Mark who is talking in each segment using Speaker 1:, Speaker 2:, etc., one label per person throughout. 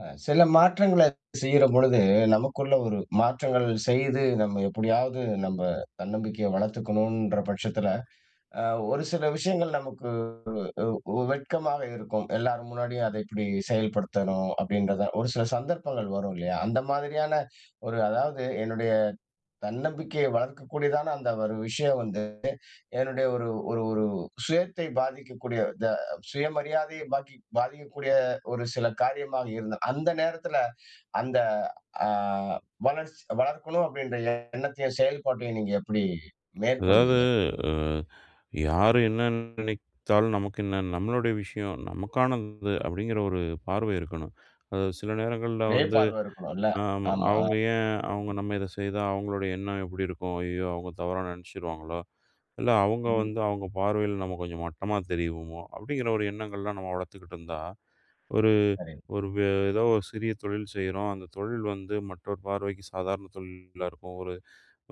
Speaker 1: அ சில மாற்றங்களச் செய்யுறம்பொழுது, நமக்குள்ள ஒரு மாற்றங்கள் செய்து நம்ம எப்டியாவது நம்ப தன்னம்பிக்கைய வளர்த்துக்கணும்ன்ற பட்சத்தில, அ ஒரு சில விஷயங்கள் நமக்கு உ உ உ வெட்கமாக இருக்கும். எல்லார் முன்னாடியும் அத எப்டி செயல்படுத்தணும். அப்டின்றத. ஒரு சில சந்தர்ப்பங்கள் வரும் இல்லயா? அந்த மாதிரியான ஒரு, அதாவது என்னுடைய தன்னம்பிக்கைய வளர்க்கக்கூடிய தான அந்த ஒரு விஷயம் வந்து, என்னுடைய ஒரு ஒரு ஒரு சுயத்தை பாதிக்கக்கூடிய, த சுயமரியாதைய பாகி பாதிக்கக்கூடிய ஒரு சில காரியமா இருந்த அந்த நேரத்துல, அந்த அ, வளர்ச்சி வளர்க்கணும் அப்டின்ற எண்ணத்தையும் செயல்பாட்டையும், நீங்க எப்டி
Speaker 2: அதாவது.
Speaker 1: மேற்கொள்வீங்க?
Speaker 2: அ, யாரு என்ன நினைத்தாலும் நமக்கு என்ன? நம்மளுடைய விஷயம். நமக்கானது. அப்டிங்கிற ஒரு பார்வை இருக்கணும். அது சில நேரங்கள்ல வந்து
Speaker 1: மேப்பார்வ இருக்கணும் இல்ல.
Speaker 2: அ, ஆமா.
Speaker 1: ஆமா.
Speaker 2: அவங்க
Speaker 1: அ.
Speaker 2: ஏன், அவங்க நம்ம இத செய்தா அவங்களோட எண்ணம் எப்டி இருக்கும்? அய்யயோ! அவங்க தவறா நெனைச்சிருவாங்களோ? இல்ல அவங்க வந்து, அவங்க பார்வையில நம்ம கொஞ்சம் மட்டமா தெரியுவமோ அப்டிங்கிற ஒரு எண்ணங்கள்லாம் நம்ம வளர்த்துக்கிட்டு இருந்தா, ஒரு
Speaker 1: சரிங்
Speaker 2: ஒரு வே ஏதோ ஒரு சிறிய தொழில் செய்யுறோம். அந்தத் தொழில் வந்து மற்றவர் பார்வைக்குச் சாதாரண தொழிலாருக்கும். ஒரு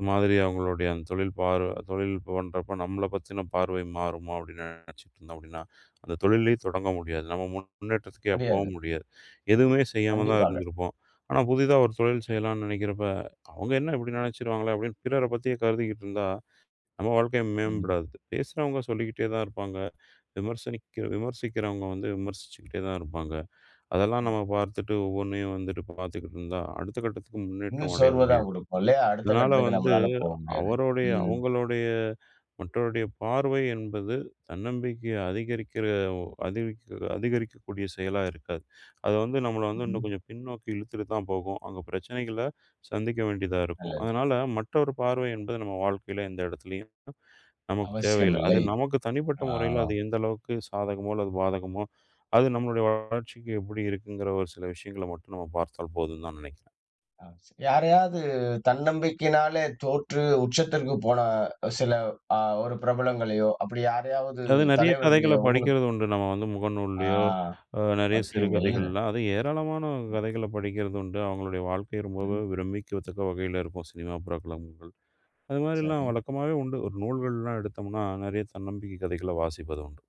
Speaker 2: மாதிரி அவங்களுடைய தொழில், பார்வ, தொழில் பண்றப்போ நம்மள பத்தின பார்வை மாறுமோ அப்டினு நெனைச்சுட்டு இருந்தா அப்டினா, அந்தத் தொழிலே தொடங்க முடியாது. நம்ம முன்னேற்றத்திக்கே போ
Speaker 1: முடியாது.
Speaker 2: முடியாது. எதுவுமே செய்யாம தான்
Speaker 1: கண்டிப்பாக.
Speaker 2: இருந்திருப்போம். ஆனா புதுதா ஒரு தொழில் செய்யலாம்னு நெனைக்கிறப்ப, அவங்க என்ன இப்டி நெனைச்சுருவாங்களே அப்டின்னு பிறர பத்தி கருதுகிட்டுருந்தா நம்ம வாழ்க்கை
Speaker 1: ம்.
Speaker 2: மேம்படாது. பேசுறவங்க சொல்லிக்கிட்டே தான் இருப்பாங்க. விமர்சனக்கி விமர்சிக்கிறவங்க விமர்சிச்சுக்கிட்டே தான் இருப்பாங்க. அதெல்லாம் நாம பாத்துட்டு ஒவ்வொண்ணையும் வந்து பாத்துகிட்டு இருந்தா, அடுத்த கட்டத்துக்கு முன்னேற்றம்
Speaker 1: இன்னும்
Speaker 2: அடைய
Speaker 1: சோர்வ தான்
Speaker 2: முடியாது.
Speaker 1: குடுக்கும் இல்லயா? அடுத்த
Speaker 2: இதனால
Speaker 1: கட்டத்துக்கு
Speaker 2: வந்து
Speaker 1: நம்மளால போ முடியாது.
Speaker 2: அவரோட
Speaker 1: ம்.
Speaker 2: அவங்களோட மற்றோருடைய பார்வை என்பது தன்னம்பிக்கை அதிகரிக்கிற, ஒ அதிகரிக் அதிகரிக்கக்கூடிய செயலா இருக்காது. அது வந்து நம்மள வந்து இன்னும்
Speaker 1: ம்ஹ்ம்.
Speaker 2: கொஞ்சம் பின்னோக்கி இழுத்துட்டு தான் போகும். அங்க பிரச்சனைகள சந்திக்க வேண்டி தான் இருக்கும்.
Speaker 1: நல்லது.
Speaker 2: அதனால மற்றவர் பார்வை என்பது நம்ம வாழ்க்கையில எந்த இடத்துலயும் நமக்குத்
Speaker 1: அவசியம்
Speaker 2: தேவையில்ல. அது
Speaker 1: இல்லை.
Speaker 2: நமக்குத் தனிப்பட்ட முறைல அது
Speaker 1: ஆம்.
Speaker 2: எந்த அளவுக்குச் சாதகமோ அல்லது பாதகமோ, அது நம்மளுடைய வளர்ச்சிக்கு எப்டி இருக்குங்குற ஒரு சில விஷயங்கள மட்டும் நம்ம பார்த்தால் போதும்னு தான் நெனைக்கி
Speaker 1: அ, ச யாரையாவது தன்னம்பிக்கைனாலே தோற்று உச்சத்திற்குப் போன, சில அ ஒரு பிரபலங்களையோ, அப்டி யாரையாவது,
Speaker 2: அது நறைய
Speaker 1: தலைவர்களையோ
Speaker 2: கதைகளப்
Speaker 1: உங்களுக்கு
Speaker 2: படிக்கிறது உண்டு. நம்ம வந்து
Speaker 1: ஆ.
Speaker 2: முகநூல்லயோ, அ நறைய
Speaker 1: வைக்கிறீங்க இல்ல.
Speaker 2: சிறுகதைகள்லாம். அது ஏராளமான
Speaker 1: ம்.
Speaker 2: கதைகளப் படிக்கிறது உண்டு. அவங்களுடைய வாழ்க்கை ரொம்பவும்
Speaker 1: ம்.
Speaker 2: விரும்பிக்கத் தக்க வகையில இருக்கும். சினிமா, பிரபலங்கள் அது மாரில்லாம்
Speaker 1: சரி.
Speaker 2: வழக்கமாவே உண்டு. ஒரு நூல்கள்லாம் எடுத்தம்னா நறைய தன்னம்பிக்கை கதைகள வாசிப்பது உண்டு.